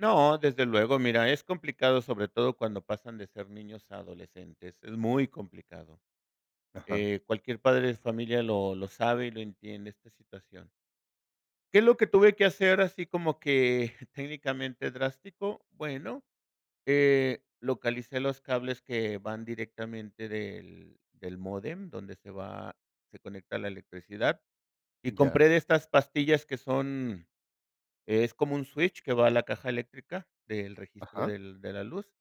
No, desde luego, mira, es complicado, sobre todo cuando pasan de ser niños a adolescentes, es muy complicado. Ajá. Eh, cualquier padre de familia lo lo sabe y lo entiende, esta situación. ¿Qué es lo que tuve que hacer, así como que técnicamente drástico? Bueno, eh, localicé los cables que van directamente del del módem, donde se va se conecta la electricidad, y Ya. compré de estas pastillas que son es como un switch que va a la caja eléctrica del registro Ajá. del de la luz.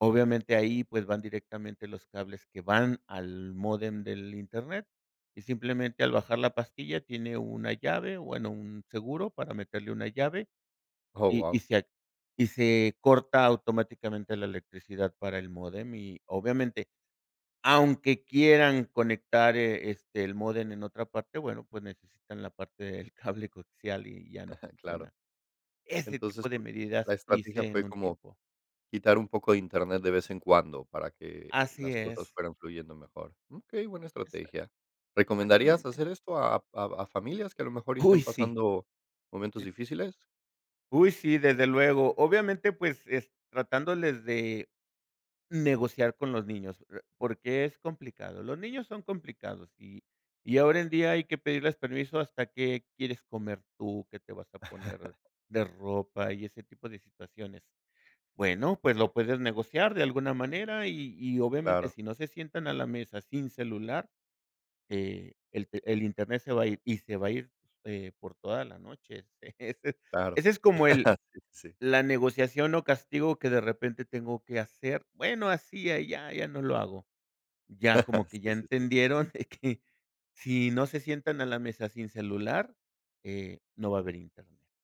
Obviamente, ahí, pues, van directamente los cables que van al módem del Internet, y simplemente al bajar la pastilla, tiene una llave, bueno, un seguro para meterle una llave, Oh, y y guau. se ac y se corta automáticamente la electricidad para el módem, y obviamente, aunque quieran conectar, eh, este, el módem en otra parte, bueno, pues, necesitan la parte del cable coaxial, y ya no Claro. funciona. Ese tipo Entonces de tu la medidas estrategia hice en fue un como tiempo. quitar, un poco de Internet de vez en cuando, para que Así las cosas es. fueran fluyendo mejor. Okey, buena Exacto, estrategia, ¿recomendarías exactamente. hacer esto a a a familias, que a lo mejor Uy, estén sí. pasando momentos difíciles? Uy, sí, desde luego. Obviamente, pues, es tratándoles de negociar con los niños, pr porque, es complicado. Los niños son complicados, y y ahora en día, hay que pedirles permiso hasta qué quieres comer tú, que te vas a poner de ropa y ese tipo de situaciones. Bueno, pues, lo puedes negociar de alguna manera, y y, obviamente, Claro. si no se sientan a la mesa sin celular, eh, el te el Internet se va ir, y se va a ir, eh, por toda la noche. Claro. Ese es como el Sí, sí. la negociación o castigo que de repente tengo que hacer, bueno, hacía, ya ya no lo hago, ya, como que ya Sí, sí, sí. entendieron que si no se sientan a la mesa sin celular, eh, no va a haber Internet.